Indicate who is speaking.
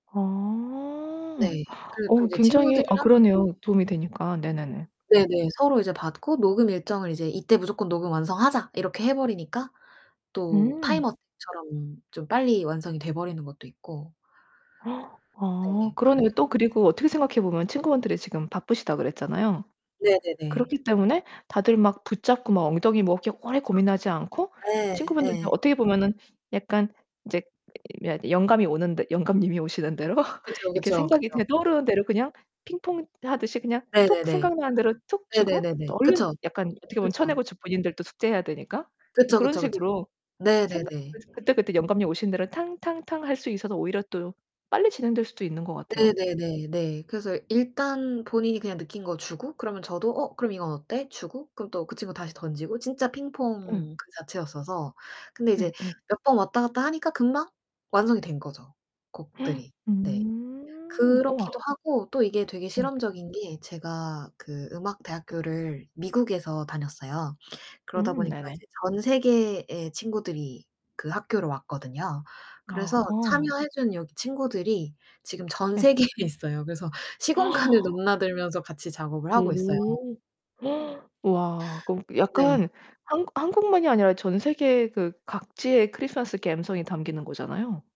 Speaker 1: 어.
Speaker 2: 네. 그리고 또
Speaker 1: 어
Speaker 2: 이제
Speaker 1: 굉장히 아
Speaker 2: 친구들이랑 그
Speaker 1: 그러네요, 도움이 되니까. 네네네.
Speaker 2: 네네. 서로 이제 받고 녹음 일정을 이제 '이때 무조건 녹음 완성하자.' 이렇게 해 버리니까 또
Speaker 1: 음.
Speaker 2: 타임어택처럼 좀 빨리 완성이 돼 버리는 것도 있고
Speaker 1: 아
Speaker 2: 네. 그
Speaker 1: 그러네요. 또 그리고 어떻게 생각해 보면 친구분들이 지금 바쁘시다 그랬잖아요.
Speaker 2: 네 네네.
Speaker 1: 그렇기 때문에 다들 막 붙잡고 막 엉덩이 뭐 그렇게 오래
Speaker 2: 그쵸.
Speaker 1: 고민하지 않고
Speaker 2: 네.
Speaker 1: 친구분들도
Speaker 2: 예.
Speaker 1: 어떻게 보면은 약간 인제 이 며 영감이 오는 듯 영감님이 오시는 대로
Speaker 2: 그쵸,
Speaker 1: 이렇게
Speaker 2: 그쵸,
Speaker 1: 생각이
Speaker 2: 그죠.
Speaker 1: 그냥 떠오르는 대로 그냥 핑퐁하듯이 그냥
Speaker 2: 네
Speaker 1: 톡
Speaker 2: 네네.
Speaker 1: 생각나는 대로 톡
Speaker 2: 네
Speaker 1: 주고
Speaker 2: 네네네.
Speaker 1: 또 얼른
Speaker 2: 그쵸.
Speaker 1: 약간 어떻게 보면
Speaker 2: 그쵸.
Speaker 1: 쳐내고 본인들도 숙제해야 되니까 뭐
Speaker 2: 그쵸,
Speaker 1: 그런
Speaker 2: 그쵸, 그쵸.
Speaker 1: 식으로
Speaker 2: 네
Speaker 1: 생각
Speaker 2: 네네.
Speaker 1: 그래서 그때그때 영감님 오시는 대로 탕 탕 탕 할 수 있어서 오히려 또 빨리 진행될 수도 있는 것 같아요.
Speaker 2: 네 네네 네. 그래서 일단 본인이 그냥 느낀 거 주고 그러면 저도 "어 그럼 이건 어때?" 주고 그럼 또 그 친구 다시 던지고 진짜
Speaker 1: 예.
Speaker 2: 핑퐁 그 자체였어서 근데
Speaker 1: 네
Speaker 2: 이제
Speaker 1: 예.
Speaker 2: 몇 번 왔다갔다 하니까 금방 완성이 된 거죠, 곡들이. 네.
Speaker 1: 음
Speaker 2: 그렇기도
Speaker 1: 우와.
Speaker 2: 하고 또 이게 되게
Speaker 1: 네.
Speaker 2: 실험적인 게 제가 그 음악 대학교를 미국에서 다녔어요. 그러다
Speaker 1: 음
Speaker 2: 보니까
Speaker 1: 네네.
Speaker 2: 이제 전 세계의 친구들이 그 학교로 왔거든요. 그래서
Speaker 1: 아하.
Speaker 2: 참여해 준 여기 친구들이 지금 전
Speaker 1: 예.
Speaker 2: 세계에 있어요. 그래서 시공간을 넘나들면서 같이 작업을 하고 있어요.
Speaker 1: 오. 와 그 어
Speaker 2: 네.
Speaker 1: 약간 한국 한국만이 아니라 전 세계 그 각지의 크리스마스 갬성이 담기는 거잖아요.